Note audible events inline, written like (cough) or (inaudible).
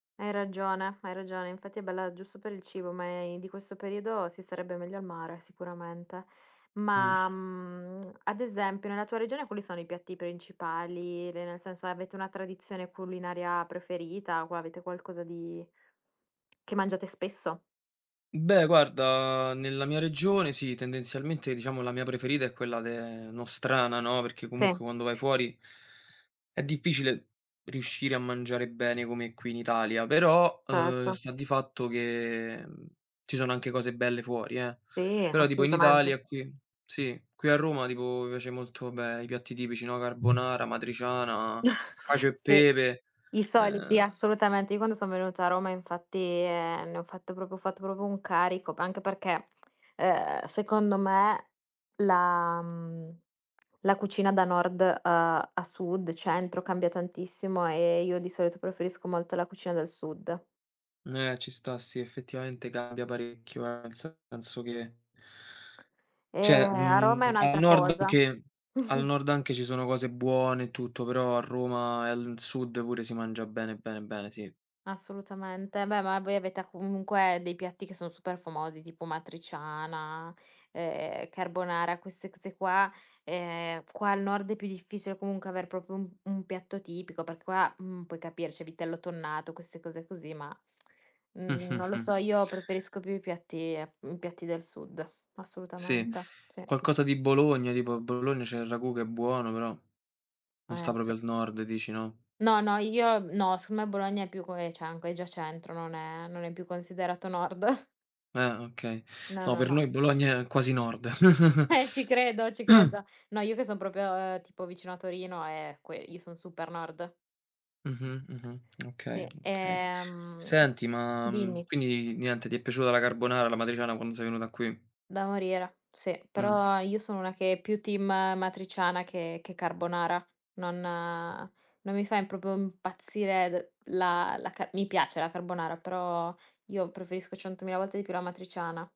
Hai ragione, hai ragione, infatti è bella giusto per il cibo, ma, ehm, di questo periodo si starebbe meglio al mare, sicuramente. Mh. Ma, mhmm, (smacks lips) ad esempio, nella tua regione quali sono i piatti principali? Le nel senso, avete una tradizione culinaria preferita, o qua avete qualcosa di che mangiate spesso? Beh guarda, nella mia regione sì, tendenzialmente diciamo la mia preferita è quella de nostrana no, perché comunque Sì. quando vai fuori è difficile riuscire a mangiare bene come qui in Italia; però, ehm, Certo. sta di fatto che, mhmm, ci sono anche cose belle fuori, eh; Sì, però tipo in assolutamente. Italia qui sì, qui a Roma tipo mi piace molto, ah beh, i piatti tipici, no: carbonara, amatriciana, cacio (chuckles) e Sì, pepe, i soliti ehm assolutamente. Io quando son venuta a Roma infatti, ehm, ne ho fatto proprio ho fatto proprio un carico; p anche perché, ehm, secondo me, la mhmnm, (smacks lips) la cucina da Nord, ehm, a Sud, Centro, cambia tantissimo, e io di solito preferisco molto la cucina dal Sud. Mh, eh, ci sta sì, effettivamente cambia parecchio, eh, nel senso che Ehm, cioè, a Roma è mhmm, al un'altra Nord cosa. anche al (chuckles) Nord anche ci sono cose buone e tutto, però a Roma e al Sud pure si mangia bene, bene, bene, sì. Assolutamente, beh, ma voi avete a comunque, dei piatti che son super famosi, tipo amatriciana, ehm, carbonara, queste cose qua. Ehm, qua al Nord è più difficile comunque aver proprio un un piatto tipico, perché qua, mhmm, puoi capire, c'è vitello tonnato, queste cose così, ma, (smacks lips) mhmm, non lo (chuckles) so, io preferisco più i piatti mhmm, i piatti del Sud. Sì. Assolutamente. Sì. Qualcosa di Bologna, tipo a Bologna c'è il ragù che è buono però, non Eh, sta proprio sì. al Nord dici, no? No, no io no, so me Bologna è più (unintelligible) è già Centro, non è non è più considerato Nord. Ehm, okay. No, No no, per no. noi Bologna è quasi Nord. (chuckles) Eh, ci credo, ci (clears throat) credo. No, io che son proprio tipo vicino a Torino, e que io son super Nord. Mh-mh, mh-mh, okay, Sì, okay. ehm Senti ma, mhmm, dimmi. quindi niente, ti è piaciuta la carbonara, l'amatriciana quando sei venuta qui? Da morire, sì. Mh. Però io sono una che è più team amatriciana che che carbonara. Non non mi fa im proprio impazzire d la la ca mi piace la carbonara, però io preferisco centomila volte di più l'amatriciana.